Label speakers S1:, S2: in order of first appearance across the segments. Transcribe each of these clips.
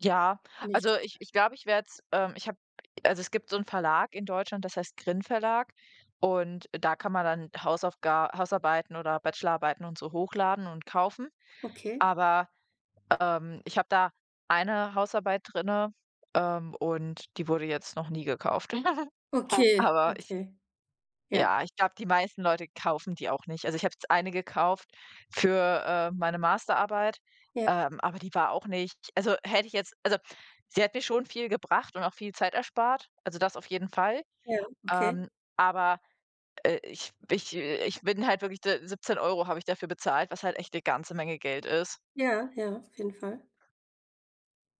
S1: Ja,
S2: Nicht
S1: also ich ich glaube, werde es ähm, ich habe also es gibt so 'n Verlag in Deutschland, das heißt GRIN Verlag und da kann man dann Hausaufga Hausarbeiten oder Bachelorarbeiten und so hochladen und kaufen.
S2: Okay.
S1: Aber, ähm, ich habe da eine Hausarbeit drinne, ähm, und die wurde jetzt noch nie gekauft.
S2: Okay,
S1: Aber ich
S2: okay, ja.
S1: ja ich glaube, die meisten Leute kaufen die auch nicht. Also, ich habe jetzt eine gekauft für, ähm, meine Masterarbeit,
S2: Ja.
S1: ähm, aber die war auch nicht also hätte ich jetzt also sie hat mir schon viel gebracht und auch viel Zeit erspart also das auf jeden Fall.
S2: Okay, okay.
S1: Ähm, aber, äh, ich ich äh, ich bin halt wirklich de 17 € habe ich dafür bezahlt, was halt echt 'ne ganze Menge Geld ist.
S2: Ja, ja, auf jeden Fall.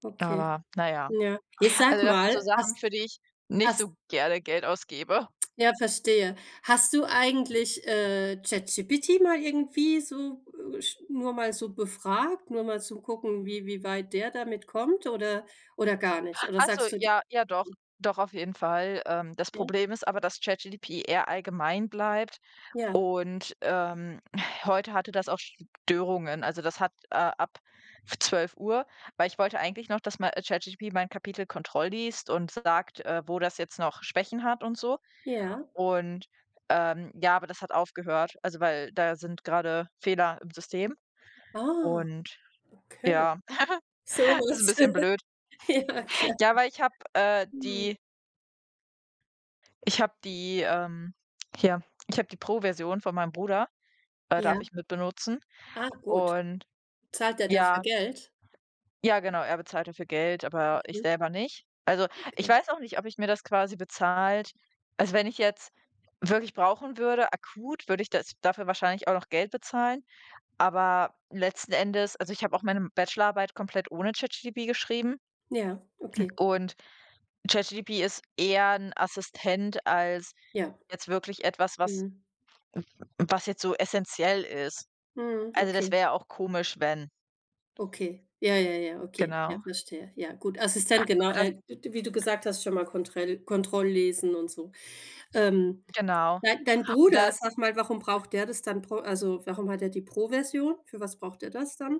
S2: Okay,
S1: Aber na ja.
S2: ja. Ey, sag
S1: Also das sind so
S2: mal,
S1: Sachen, für
S2: hast
S1: die ich nicht
S2: hast
S1: so gerne Geld ausgebe.
S2: Ja, verstehe. Hast du eigentlich, äh, ChatGPT mal irgendwie so, äh, sch nur mal so befragt, nur mal zum gucken, wie wie weit der damit kommt oder oder gar nicht? Oder
S1: Ach so,
S2: sagst du d
S1: ja, ja doch,
S2: [unintelligible]
S1: doch auf jeden Fall. Ähm, das
S2: Ja.
S1: Problem ist aber, dass ChatGPT eher allgemein bleibt
S2: Ja.
S1: und, ähm, heute hatte das auch Störungen. Also das hat, äh, ab 12:00 weil ich wollte eigentlich noch, dass mei äh, ChatGPT mein Kapitel kontrollliest und sagt, äh, wo das jetzt noch Schwächen hat und so.
S2: Ja.
S1: Und, ähm, ja, aber das hat aufgehört, also weil da sind grade Fehler im System
S2: Ah,
S1: und
S2: okay.
S1: ja, ist 'n
S2: Sowas.
S1: bisschen blöd.
S2: Ja, klar.
S1: Ja, weil ich habe, äh,
S2: Mhm.
S1: die Ich hab die, ähm hier, ich habe die Pro Version von meinem Bruder äh, darf
S2: Ja.
S1: ich mitbenutzen
S2: Ah, gut.
S1: und
S2: Zahlt er dafür
S1: ja
S2: Geld?
S1: Ja genau, er bezahlt dafür Geld, aber ich
S2: Mhm.
S1: selber nicht. Also, ich
S2: Okay.
S1: weiß auch nicht, ob ich mir das quasi bezahlt also wenn ich jetzt wirklich brauchen würde, akut, würde ich das dafür wahrscheinlich auch noch Geld bezahlen, aber letzten Endes also ich habe auch meine m Bachelorarbeit komplett ohne ChatGPT geschrieben
S2: Ja, okay.
S1: und ChatGPT ist eher 'n Assistent als
S2: Ja.
S1: jetzt wirklich etwas, was
S2: Mhm.
S1: m was jetzt so essentiell ist.
S2: Mhm.
S1: Also das
S2: Okay.
S1: wäre ja auch komisch, wenn
S2: Okay. Ja, ja, ja, okay. Ja,
S1: Genau.
S2: verstehe. Ja, gut. Assistent, genau.
S1: Aber das
S2: Äh, d wie du gesagt hast, schon mal Kontrell Kontrolllesen und so. Ähm,
S1: Genau.
S2: dei dein
S1: Und da
S2: Bruder, sag mal, warum braucht der das dann? Brau also warum hat er die Pro-Version? Für was braucht er das dann?